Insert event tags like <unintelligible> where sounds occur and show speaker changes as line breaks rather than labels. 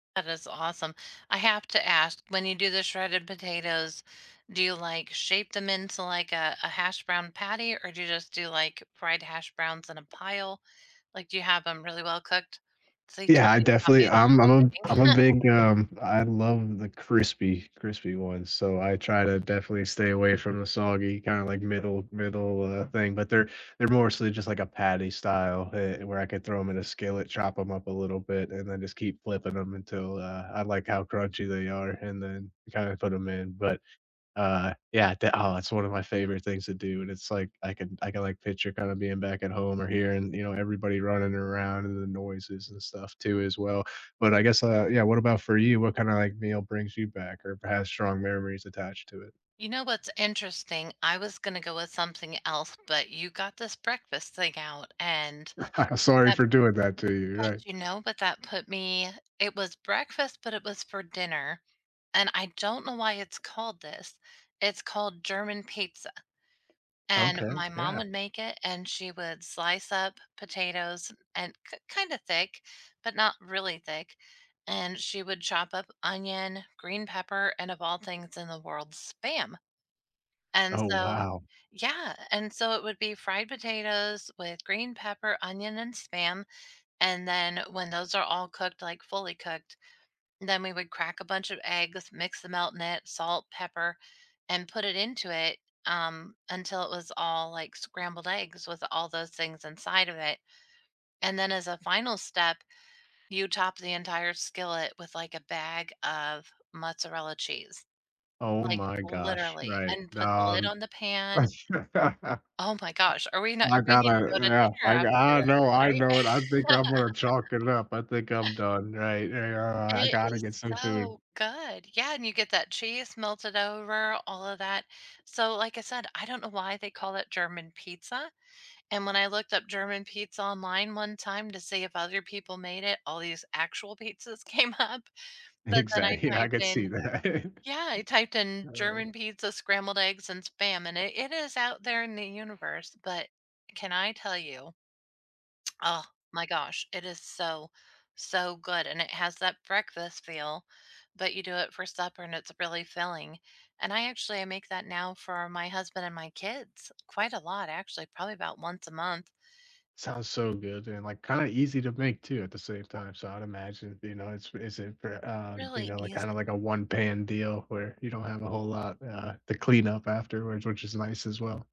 That is awesome. I have to ask. When you do the shredded potatoes, do you, like, shape them into, like, a a hash brown patty, or do you just do, like, fried hash browns in a pile? Like, do you have them really well cooked? So you
Yeah.
told
I
about
definitely
making
I'm I'm
<unintelligible> cooking
a I'm a
<laughs>
big, um, I love the crispy crispy ones. So, I try to definitely stay away from the soggy kinda like middle middle, uh, thing, but they're they're mostly just like a patty style heh where I could throw them in a skillet, chop 'em up a little bit, and then just keep flipping them until, uh, I like how crunchy they are and then kinda put them in. But, uh, yeah, they aw, that's one of my favorite things to do, and it's like I can I can, like, picture kinda being back at home or hearing, you know, everybody running around and the noises and stuff too as well? But I guess, uh yeah. What about for you? What kind of like meal brings you back or perhaps strong memories attached to it?
You know what's interesting? I was gonna go with something else, but you got this breakfast thing out and
<laughs> Sorry
that
for doing that to you
but,
right.
you know, but that put me it was breakfast, but it was for dinner. And I don't know why it's called this. It's called German pizza. And
Okay.
my mom
Yeah.
would make it, and she would slice up potatoes and k kinda thick, but not really thick. And she would chop up onion, green pepper, and of all things in the world, SPAM. And
Oh,
so
wow.
yeah and so, it would be fried potatoes with green pepper, onion, and SPAM. And then when those are all cooked, like fully cooked, then we would crack a bunch of eggs, mix the melt in it, salt, pepper, and put it into it, um, until it was all like scrambled eggs with all those things inside of it. And then as a final step, you top the entire skillet with like a bag of mozzarella cheese,
Oh
like
my gosh.
literally,
Right. <unintelligible>
and put the lid on the pan.
<laughs>
Oh my gosh are we not
I
we need to
gotta
go to
yeah.
dinner
I
after this
I know, I
right?
know it, I think I'm gonna chalk it
<laughs>
up. I think I'm done, right? Ah, I
It
gotta
is
get some food.
so good. Yeah and you get that cheese melted over, all of that. So, like I said, I don't know why they call it German pizza. And when I looked up German pizza online one time to see if other people made it, all these actual pizzas came up. But then I
Exactly I
typed
could see
in
that.
yeah I typed in
Uh.
"German pizza, scrambled eggs, and spam." And it it is out there in the universe but can I tell you? Oh my gosh, it is so, so good and it has that breakfast feel, but you do it for supper and it's really filling. And I actually, I make that now for my husband and my kids quite a lot, actually, probably about once a month.
Sounds so good, dude. And, like, kinda easy to make too at the same time. So, I'd imagine, you know, it's is it for, uh, you
Really
know, like, kinda
easy
like a one-pan deal where you don't have a whole lot, uh, to clean up afterwards, which is nice as well.